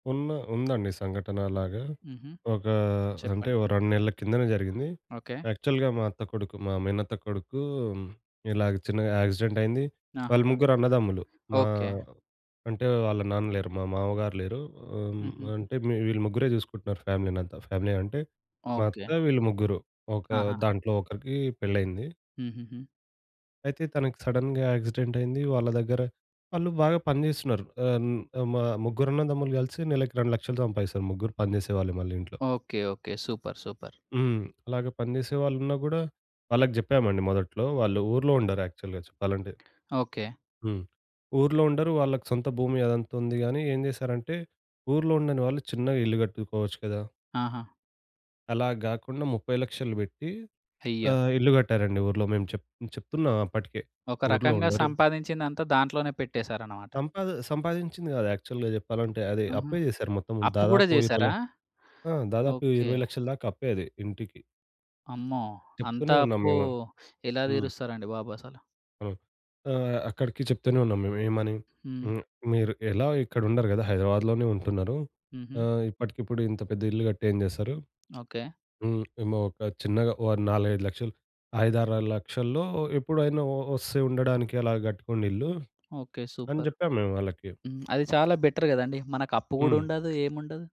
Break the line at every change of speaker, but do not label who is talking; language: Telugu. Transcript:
ఉన్న ఉందండి సంఘటన అలాగా.
హుహు.
ఒక అంటే
చెప్పండి.
ఓ 2 నెలల కిందనే జరిగింది.
ఓకే.
యాక్చువల్‌గా మా అత్త కొడుకు మా మేనత్త కొడుకు ఇలాగా చిన్నగా యాక్సిడెంట్ అయింది. వాళ్ళు
ఆహాహా!
ముగ్గురన్నదమ్ములు మా
ఓకే.
అంటే వాళ్ళ నాన్న లేరు మా మామగారు లేరు. ఆహ్, హ్మ్. మి
హుహుహు.
అంటే వీళ్ళు ముగ్గురే జూసుకుంటున్నారు ఫ్యామిలీనంతా. ఫ్యామిలీ అంటే మా
ఓకే.
అత్త, వీళ్ళు ముగ్గురు ఒక
ఆహాహా!
దాంట్లో ఒకరికి పెళ్లయింది.
హుహుహు.
అయితే తనకి సడెన్‌గా యాక్సిడెంట్ అయింది. వాళ్ళ దగ్గర వాళ్ళు బాగా పని జేస్తున్నారు ఆహ్, న్ ఆహ్, మ ముగ్గురన్నదమ్ములు గలిసి నెలకు 2,000,00 సంపాదిస్తారు ముగ్గురు పని జేసేవాళ్ళే మళ్ళీ ఇంట్లో.
ఓకే. ఓకే. సూపర్. సూపర్.
హ్మ్. అలాగా పని జెసే వాళ్ళున్న గూడా వాళ్ళకి జెప్పామండి మొదట్లో వాళ్ళు ఊర్లో ఉండరు యాక్చువల్‌గా చెప్పాలంటే.
ఓకే.
హ్మ్. ఊర్లో ఉండరు. వాళ్ళకి సొంత భూమి అదంతా ఉంది గాని ఏం జేశారంటే ఊర్లో ఉండని వాళ్ళు చిన్నగా ఇల్లు కట్టుకోవచ్చు కదా!
ఆహా!
అలా గాకుండా 30,000,00 బెట్టి
అయ్యో!
ఆహ్, ఇల్లు గట్టారండి ఊర్లో. మేము చెప్ చెప్తున్నాం అప్పటికే
ఒక
ఊర్లో
రకంగా
ఉండరు
సంపాదించిందంతా దాంట్లోనే పెట్టేసారనమాట.
సంపాది సంపాదించింది గాదు యాక్చువల్‌గా జెప్పాలంటే అది
ఆహా!
అప్పే జేసారు మొత్తం.
అప్పు గూడా
దాదాపు 20 ల
జేశారా?
ఆ! దాదాపు
ఓకే.
20,000,00 దాక అప్పే అది ఇంటికి.
అమ్మో! అంత
చెప్తూనే ఉన్నాం
అప్పు
మేము
ఎలా
హ్మ్.
దీరుస్తరండి బాబు అసలు.
హ్మ్. ఆహ్, అక్కడికి చెప్తూనే ఉన్నాం మేము ఏమని?
హ్మ్.
హ్మ్. "మీరు ఎలా ఇక్కడ ఉండరు గదా! హైదరాబాద్‌లోనే ఉంటున్నారు,
హుహు.
ఆహ్, ఇప్పటికిప్పుడు ఇంత పెద్ద ఇల్లు గట్టి ఏం జేస్తారు?
ఓకే.
హ్మ్. ఏమో ఒక చిన్నగా ఓ 4,000,00, 5,000,00 5,000,00 6,000,00 లక్షల్లో ఎప్పుడైనా ఒ ఒస్తే ఉండడానికి అలా గట్టుకోండి ఇల్లు"
ఓకే.
అని
సూపర్!
జెప్పాము మేము వాళ్ళకి.
హ్మ్. అది చాలా బెటర్ గదండీ. మనకు అప్పు గూడా
హ్మ్.
ఉండదు ఏముండదు.